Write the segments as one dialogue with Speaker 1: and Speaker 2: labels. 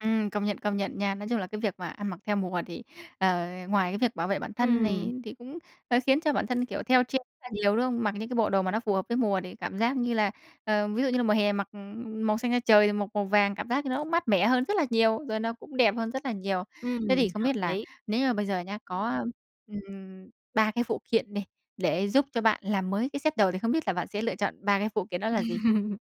Speaker 1: Ừm, công nhận, công nhận nha, nói chung là cái việc mà ăn mặc theo mùa thì, ờ, ngoài cái việc bảo vệ bản thân
Speaker 2: Ừm.
Speaker 1: này thì cũng, hơi khiến cho bản thân, kiểu, theo trend là nhiều, đúng không? Mặc những cái bộ đồ mà nó phù hợp với mùa thì cảm giác như là, ờ, ví dụ như là mùa hè mặc màu xanh da trời, mặc màu vàng, cảm giác như nó cũng mát mẻ hơn rất là nhiều, rồi nó cũng đẹp hơn rất là nhiều. Thế thì
Speaker 2: Ừm,
Speaker 1: không
Speaker 2: hợp
Speaker 1: biết là
Speaker 2: lý.
Speaker 1: nếu như bây giờ nhá có, a, ừm, 3 cái phụ kiện đi, để giúp cho bạn làm mới cái set đồ thì không biết là bạn sẽ lựa chọn 3 cái phụ kiện đó là gì?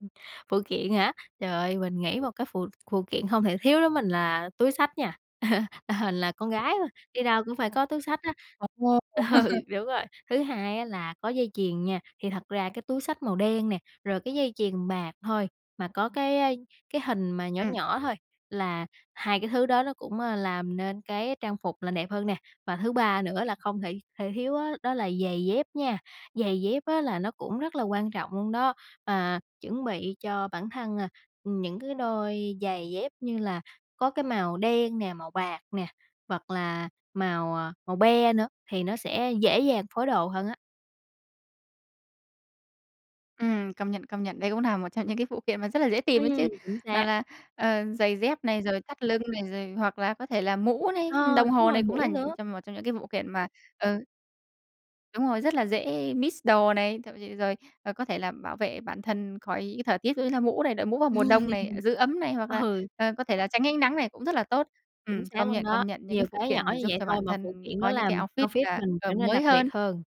Speaker 2: Phụ kiện hả? Trời ơi, mình nghĩ một cái phụ phụ kiện hông thể thiếu đối mình là túi xách nha, là con gái mà, đi đâu cũng phải có túi xách á.
Speaker 1: Ồ!
Speaker 2: Ừ, đúng rồi, thứ hai á, là có dây chuyền nha, thì thật ra cái túi xách màu đen nè, rồi cái dây chuyền bạc thôi, mà có cái, a, cái hình mà nhỏ
Speaker 1: Ừm.
Speaker 2: nhỏ thôi là hai cái thứ đó nó cũng, a, làm nên cái trang phục là đẹp hơn nè. Và thứ ba nữa là không thể thể thiếu á, đó là giày dép nha, giày dép á, là nó cũng rất là quan trọng luôn đó, à, chuẩn bị cho bản thân, à, ừm, những cái đôi giày dép như là có cái màu đen nè, màu bạc nè, hoặc là màu, à, màu be nữa thì nó sẽ dễ dàng phối đồ hơn á.
Speaker 1: Ừm, công nhận, công nhận, đây cũng là một trong những cái phụ kiện mà rất là dễ tìm đấy chứ,
Speaker 2: Ừm, chính
Speaker 1: nào
Speaker 2: xác.
Speaker 1: là, ờ, giày dép này, rồi thắt lưng này, rồi hoặc là có thể là mũ
Speaker 2: Ờ,
Speaker 1: này, ưm, đồng
Speaker 2: đúng
Speaker 1: hồ
Speaker 2: rồi,
Speaker 1: này, cũng là
Speaker 2: mũ
Speaker 1: những
Speaker 2: nữa.
Speaker 1: trong một trong những cái vụ kiện mà, ừ Đúng rồi, rất là dễ mix đồ này, thậm ch rồi, ờ, có thể là bảo vệ bản thân khỏi những cái thời tiết ví dụ như là mũ này, đội mũ vào mùa đông này, giữ ấm này hoặc là,
Speaker 2: Ừ.
Speaker 1: ờ, có thể là tránh ánh nắng này cũng rất là tốt. Ừm,
Speaker 2: Chính xác
Speaker 1: công
Speaker 2: luôn
Speaker 1: nhận,
Speaker 2: đó,
Speaker 1: công nhận những
Speaker 2: nhiều
Speaker 1: cái phụ
Speaker 2: cái nhỏ
Speaker 1: kiện này
Speaker 2: như
Speaker 1: giúp
Speaker 2: vậy
Speaker 1: cho
Speaker 2: thôi
Speaker 1: bản
Speaker 2: mà phụ
Speaker 1: thân
Speaker 2: kiện
Speaker 1: có
Speaker 2: nó
Speaker 1: những cái
Speaker 2: làm
Speaker 1: outfit
Speaker 2: outfit
Speaker 1: là,
Speaker 2: mình
Speaker 1: ờ,
Speaker 2: trở nên
Speaker 1: mới
Speaker 2: đặc biệt
Speaker 1: hơn.
Speaker 2: hơn.